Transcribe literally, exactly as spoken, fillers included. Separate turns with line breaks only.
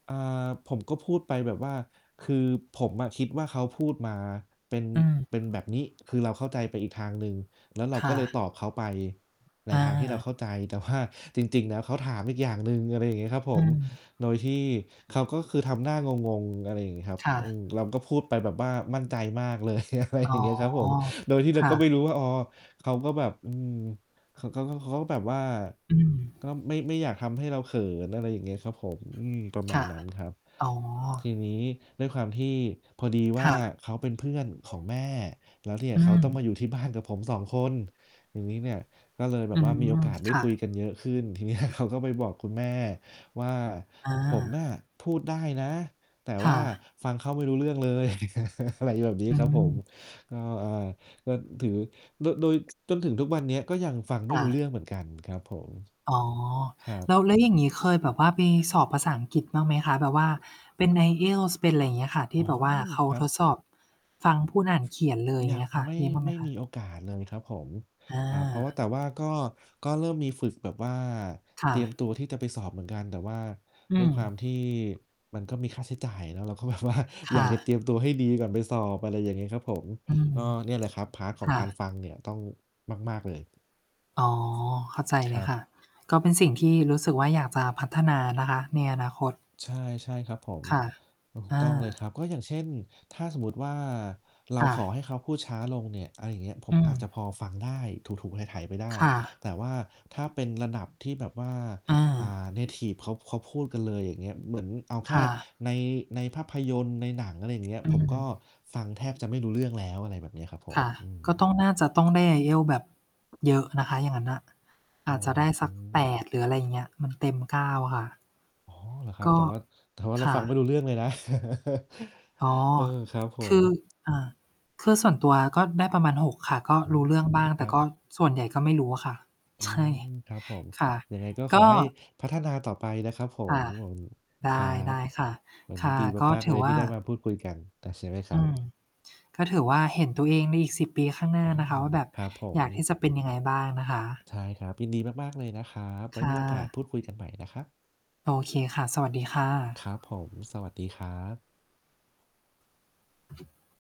อ่า ผมก็พูดไปแบบว่า คือผมอะคิดว่าเขาพูดมา เป็น
เออ
เป็นแบบนี้ คือเราเข้าใจไปอีกทางหนึ่ง แล้วเรา
ค
ก
่
็เลย
ะ
ตอบเขาไปใน
อ
ทางที่เราเข
า
้าใจ แต่ว่า จริง ๆ แล้วเขาถามอีกอย่างหนึ่ง อะไรเงี้ยครับผ
อื
ม
ม
โดยที่เขาก็คือทำหน้างง ๆ อะไรอย่างงี้ครับ
ค่
อืม
ะ
เราก็พูดไปแบบว่ามั่นใจมากเลย อะไร
อ
อย
๋
่า
อ
งเงี้ย ครับผม โดยที่เร
ค
า
่
ก็ไม่
ะ
รู้ว่า อ๋อ เขาก็แบบ อืม เขาก็ เขา เขาก็แบบว่า
อืม
ก็ไม่ ไม่อยากทำให้เราเขิน อะไรอย่างเงี้ยครับผม อืม ประม
ค
า
่
ณ
ะ
นั้นครับ
อ๋อ
ทีนี้ด้วยความที่พอดีว
ค
่
่
า
ะ
เขาเป็นเพื่อนของแม่ แล้วเนี่ย
อื
เขาต้องม
ม
าอยู่ที่บ้านกับผม สอง คน ทีนี้เนี่ย ก็เลยแบ
อื
บว่ามีโอ
ม
กาสได
ค
้
่
คุย
ะ
กันเยอะขึ้น ทีเนี้ย เขาก็ไปบอกคุณแม่ว่า
อ
ผมน
า
่ะพูดได้นะ แต่
ค
ว
่
่า
ะ
ฟังเขาไม่รู้เรื่องเลย อะไรแบบนี้
อื
ครับผม
ม
ก็ อ่า ก็ถือ โด โดย จนถึงทุกวันเนี้ย ก็ยังฟังไม
อ
่
า
รู้เรื่องเหมือนกันครับผม
อ๋อ
ครั
แล
บ
้ว แล้วอย่างงี้ เคยแบบว่าไปสอบภาษาอังกฤษบ้างไหมคะ? แบบว่าเป็น IELTS เป็นอะไรเงี้ยค่ะ ท
อ
ี
๋
่
อ
แบบว่าเขา
ครั
ท
บ
ดสอบฟัง
อื
พูดอ่านเขียนเลย อย
อ
่า
ย
งเ
ั
งี
ง
้ยค่ะ
ไม่
มีบ้างไห
ไ
ม
ม่
ค
ม
ะ?
ีโอกาสเลยครับผม
อ
ครับ เพราะว่
า
า แต่ว่าก็ ก็เริ่มมีฝึกแบบว่า
ค่
เตรียม
ะ
ตัวที่จะไปสอบเหมือนกัน แต่ว่า
อื
ด้วยควา
ม
มที่มันก็มีค่าใช้จ่ายเนาะ เราก็ แบบว่า
ค
อย
่
ากจะเต
ะ
รียมตัวให้ดีก่อนไปสอบ อะไรอย่างงี้ครับผม
อืม
ก็เนี่ยแหละครับ พาร์ต ข
ค
อง
่
การ
ะ
ฟังเนี่ย ต้องมาก ๆ เลย
อ๋อ เข้าใจ
ค
เล
ร
ย
ั
ค
บ
่ะ ก็เป็นสิ่งที่รู้สึกว่า อยากจะพัฒนานะคะ ในอนาคต
ใช่ ๆ ครับผม
ค่ะ
ถู
อ
กต้องเลย
า
ครับ ก็อย่างเช่น ถ้าสมมุติว่า เร
ค
า
่
ขอ
ะ
ให้เขาพูดช้าลงเนี่ย อา อย่างเงี้ย ผ
อ
ม
ื
อาจ
ม
จะพอฟังได้ ถู ๆ ไถ ๆ ไปได้
ค่ะ
แต่ว่าถ้าเป็นระดับที่แบบว่า
อ
อ่
า
า เนทิฟ เขา เขาพูดกันเลย อย่างเงี้ย เหมือนเอาแค
ค่
่
ะ
ใน ในภาพยนตร์ ในหนัง อะไรอย่างเงี้ย
อื
ผมก
ม
็ฟังแทบจะไม่รู้เรื่องแล้ว อะไรแบบเนี้ยครับผ
ค
ม
่ะ
อื
ก็ต้อง
ม
น่าจะต้องได้ IELTS แบบ เยอะนะคะ อย่างงั้นอะ อ
อ
าจจะ
อ
ได้
ก
สั
เล
ก แป
ย
ด หรืออะไรอย่างเงี้ย มันเต็ม เก้า ค่ะ
อ๋อ เหรอครั
ก
บ? แ
็
ต่ว่า แต่ว่าเร
ค
า
่
ฟังไม่
ะ
รู้เรื่องเลย นะ
อ๋อ
เออ ครับผ
คื
ม
อ อ่า คือส่วนตัวอะก็ได้ประมาณ หก ค่ะ ก็
อื
รู้เรื่อง
ม
บ้าง
ค
แต
ร
่
ั
ก
บ
็ส่วนใหญ่ก็ไม่รู้อะค่ะ
อื
ใช่
ม ครับผม
ค่ะ
ยังไงก็ข
ก
อ
็
ให้พัฒนาต่อไปนะครับผ
อ
ม
า ไ
ครั
ด
บ
้ ๆ ค่ะ
วัน
ค
นี้
่ะ
ดี
ก็
มาก
ถ
ๆ เ
ื
ล
อ
ย
ว
ที
่
่
า
ได้มาพูดคุยกัน อา ใช่ไหมคร
อ
ั
ื
บ?
ม ก็ถือว่าเห็นตัวเองในอีก สิบ ปีข้างหน้
อ
า
้อ
นะคะว่า แบบ
ครับผ
อย
ม
ากที่จะเป็นยังไงบ้างนะคะ
ใช่ครับ ยินดีมาก ๆ เลยนะครับ ไว
ค
้
่
มีโอกาส
ะ
พูดคุยกันใหม่นะครับ
โอเคค่ะ สวัสดีค่
ค
ะ
รับผม สวัสดีครับ